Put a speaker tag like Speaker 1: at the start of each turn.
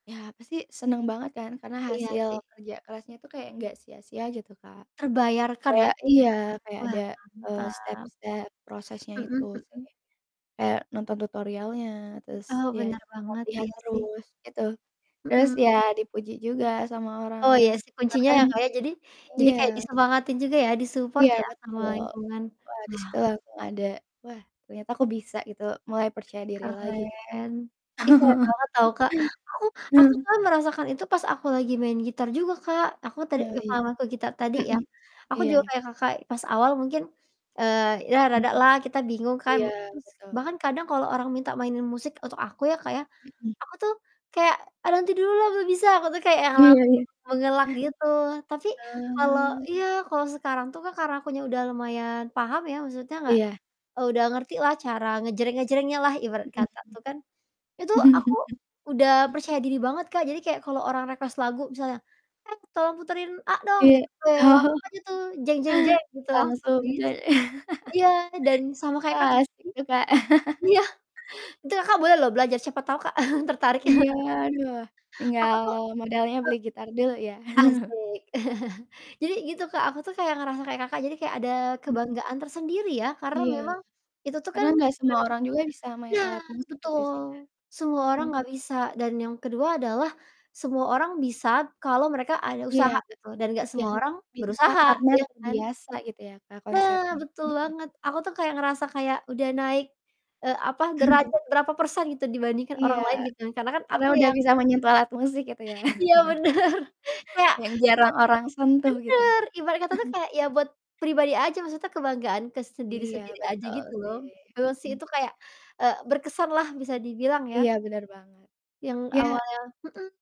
Speaker 1: Ya, pasti seneng banget kan, karena
Speaker 2: Iya,
Speaker 1: hasil
Speaker 2: sih.
Speaker 1: kerja kerasnya itu kayak nggak sia-sia gitu Kak.
Speaker 2: Terbayarkan ya,
Speaker 1: Kayak iya,
Speaker 2: [unintelligible]
Speaker 1: kayak ada,
Speaker 2: wah
Speaker 1: eee,
Speaker 2: mantap.
Speaker 1: step-step prosesnya itu
Speaker 2: Mhm
Speaker 1: sih.
Speaker 2: mhm.
Speaker 1: Kayak nonton tutorialnya terus
Speaker 2: Oh,
Speaker 1: ya
Speaker 2: benar banget,
Speaker 1: lihat-lihat
Speaker 2: iya sih.
Speaker 1: terus gitu, terus
Speaker 2: Mhm.
Speaker 1: ya dipuji juga sama
Speaker 2: Oh, iya
Speaker 1: orang-orang
Speaker 2: sih
Speaker 1: sekitar
Speaker 2: kuncinya
Speaker 1: kan
Speaker 2: ya, Kak, ya. Jadi jadi kayak
Speaker 1: iya.
Speaker 2: disemangatin juga ya di support
Speaker 1: Iya,
Speaker 2: ya sama
Speaker 1: betul.
Speaker 2: lingkungan.
Speaker 1: Wah, di
Speaker 2: Wah.
Speaker 1: situ langsung aku ada wah, ternyata aku bisa gitu mulai percaya diri lagi
Speaker 2: Wih
Speaker 1: gitu.
Speaker 2: keren, ih keren banget tau Kak, aku aku kan merasakan itu pas aku lagi main gitar juga, Kak. Aku tadi,
Speaker 1: Iya iya.
Speaker 2: [unintelligible] ke gitar tadi ya,
Speaker 1: Mhm.
Speaker 2: aku
Speaker 1: Iya.
Speaker 2: juga kayak Kakak pas awal mungkin, eee, ya
Speaker 1: Mhm,
Speaker 2: rada lah kita bingung kan,
Speaker 1: iya,
Speaker 2: terus
Speaker 1: betul.
Speaker 2: bahkan kadang kalau orang minta mainin musik untuk aku, ya Kak, ya.
Speaker 1: Mhm.
Speaker 2: Aku tuh kayak, "Ah, nanti dulu lah lah belum bisa," aku tuh kayak yang
Speaker 1: Iya
Speaker 2: langsung
Speaker 1: iya,
Speaker 2: mengelak
Speaker 1: eh.
Speaker 2: gitu, tapi kalau
Speaker 1: Eee
Speaker 2: iya, kalau sekarang tuh, Kak, karena aku udah lumayan paham ya, maksudnya nggak
Speaker 1: Iya.
Speaker 2: udah ngerti lah cara ngejreng-ngejrengnya lah ibarat
Speaker 1: Mhm
Speaker 2: kata tuh kan. Itu
Speaker 1: mhm.
Speaker 2: aku udah percaya diri banget, Kak. Jadi kayak kalau orang request lagu misalnya, "Eh tolong puterin A dong," gitu,
Speaker 1: Iya.
Speaker 2: weh
Speaker 1: Oh.
Speaker 2: langsung aja tuh gitu langsung
Speaker 1: Langsung
Speaker 2: bisa.
Speaker 1: jad
Speaker 2: Iyam dan sama kayak Kakak
Speaker 1: wah,
Speaker 2: sih.
Speaker 1: asik juga.
Speaker 2: Iya, itu Kakak boleh loh belajar cepet tahu Kak, tertarik ya.
Speaker 1: Iya. Aduh
Speaker 2: Aku
Speaker 1: tinggal
Speaker 2: tuh
Speaker 1: modalnya beli gitar dulu ya.
Speaker 2: eee, asik. Jadi gitu, Kak, aku tuh kayak ngerasa kayak Kakak, jadi kayak ada
Speaker 1: Mhm.
Speaker 2: kebanggaan tersendiri ya, karena
Speaker 1: Iya.
Speaker 2: memang itu tuh kan
Speaker 1: Karena nggak semua
Speaker 2: bukan
Speaker 1: orang juga bisa main
Speaker 2: Nah,
Speaker 1: alat musik pake senar.
Speaker 2: betul, semua orang
Speaker 1: Mhm.
Speaker 2: nggak bisa dan yang kedua adalah semua orang bisa kalau mereka ada
Speaker 1: Iya
Speaker 2: usaha
Speaker 1: k
Speaker 2: gitu, dan nggak
Speaker 1: iya.
Speaker 2: semua orang
Speaker 1: Bisa
Speaker 2: berusaha,
Speaker 1: karena
Speaker 2: iya kan?
Speaker 1: terbiasa gitu ya, Kak,
Speaker 2: Nah,
Speaker 1: konsepnya,
Speaker 2: betul
Speaker 1: mhm.
Speaker 2: banget aku tuh ngerasa kayak udah naik, eee, apa derajat berapa persen gitu, dibandingkan
Speaker 1: Iya.
Speaker 2: orang lain gitu kan karena kan
Speaker 1: Karena
Speaker 2: aku
Speaker 1: udah
Speaker 2: yang
Speaker 1: bisa menyita alat musik itu ya,
Speaker 2: Iya bener kayak
Speaker 1: yang jarang
Speaker 2: [unintelligible]
Speaker 1: orang sentuh
Speaker 2: bener
Speaker 1: gitu.
Speaker 2: ibaratnya tuh kayak ya buat pribadi aja, maksudnya kebanggaan ke
Speaker 1: Iya,
Speaker 2: sendiri-sendiri aja
Speaker 1: betul
Speaker 2: gitu loh.
Speaker 1: sih,
Speaker 2: Memang sih,
Speaker 1: mhm.
Speaker 2: itu kayak, eee, berkesan lah bisa dibilang ya.
Speaker 1: Iya bener banget,
Speaker 2: Yang
Speaker 1: ya
Speaker 2: awalnya mhm.